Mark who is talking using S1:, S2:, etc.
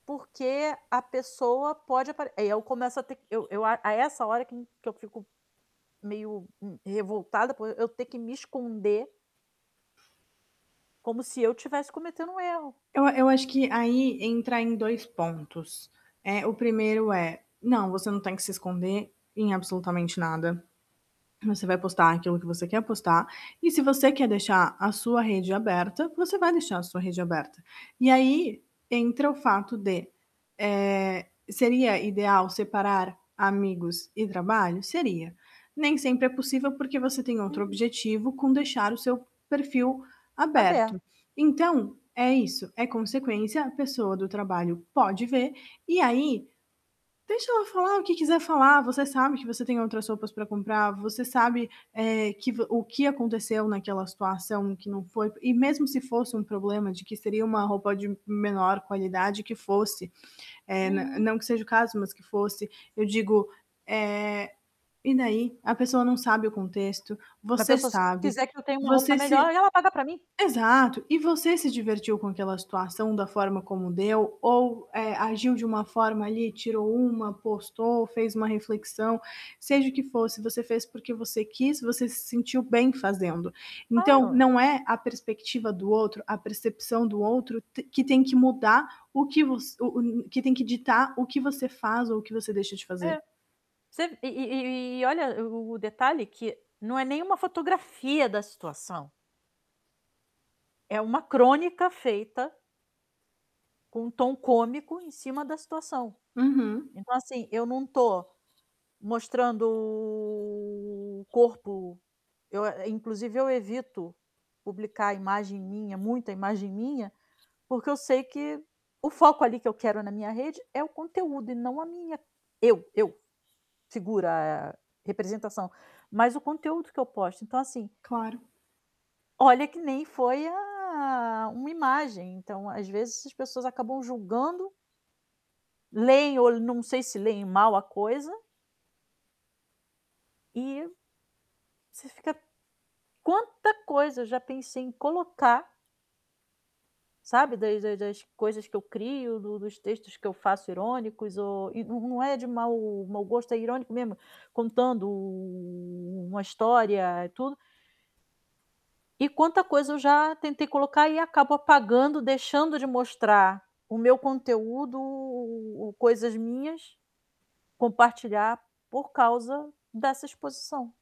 S1: Porque a pessoa pode apare aí eu começo a ter eu eu a a essa hora que que eu fico meio, hum, revoltada por e eu ter que me esconder como se eu tivesse cometendo um erro.
S2: Eu a eu acho que aí entra em 2 pontos. Eh, o 1º é: não, você não tem que se esconder em absolutamente nada. Você vai postar aquilo que você quer postar e, se você quer deixar a sua rede aberta, você vai deixar a sua rede aberta. E aí, entra o fato de, eh, seria ideal separar amigos e trabalho? Seria. Nem sempre é possível porque você tem outro
S1: Uhum.
S2: objetivo com deixar o seu perfil aberto.
S1: Aber
S2: Então, é isso, é consequência. A pessoa do trabalho pode ver. E aí, deixa ela falar o que quiser falar, você sabe que você tem outras roupas para comprar, você sabe, eh, que vo o que aconteceu naquela situação, o que não foi E mesmo se fosse um problema de que seria uma roupa de menor qualidade que fosse, eh, nã
S1: Uhum.
S2: não que seja o caso, mas que fosse, eu digo, eh, e daí? A pessoa não sabe o contexto,
S1: Pra
S2: você
S1: pessoas
S2: sabe.
S1: quiser que eu tenha uma roupa
S2: Você
S1: melhor,
S2: se
S1: aí ela paga para mim.
S2: exato! E você se divertiu com aquela situação da forma como deu, ou, eh, agiu de uma forma ali, tirou uma, postou, fez uma reflexão. Seja o que fosse, você fez porque você quis, você se sentiu bem fazendo. Então
S1: Claro.
S2: não é a perspectiva do outro, a percepção do outro te que tem que mudar o que voc o o que tem que ditar o que você faz ou o que você deixa de fazer.
S1: É. Você e e e olha o o detalhe que não é nem uma fotografia da situação. É uma crônica feita com um tom cômico em cima da situação.
S2: Uhum.
S1: Então, assim, eu não estou mostrando o corpo. Eu a inclusive eu evito publicar imagem minha, muita imagem minha, porque eu sei que o foco ali que eu quero na minha rede é o conteúdo e não a minha eu, eu. Figura representação. Mas o conteúdo que eu posto. Então assim
S2: Claro.
S1: Olha que nem foi a uma imagem. Então, às vezes, essas pessoas acabam julgando, leem, ou não sei se leem, mal a coisa. E você fica quanta coisa eu já pensei em colocar sabe, das das das coisas que eu crio, do dos textos que eu faço irônicos ou e não não é de mau mau gosto, é irônico mesmo, contando u u uma história, eh, tudo. E quanta coisa eu já tentei colocar e acabo apagando, deixando de mostrar o meu conteúdo, coisas minhas, compartilhar, por causa dessa exposição.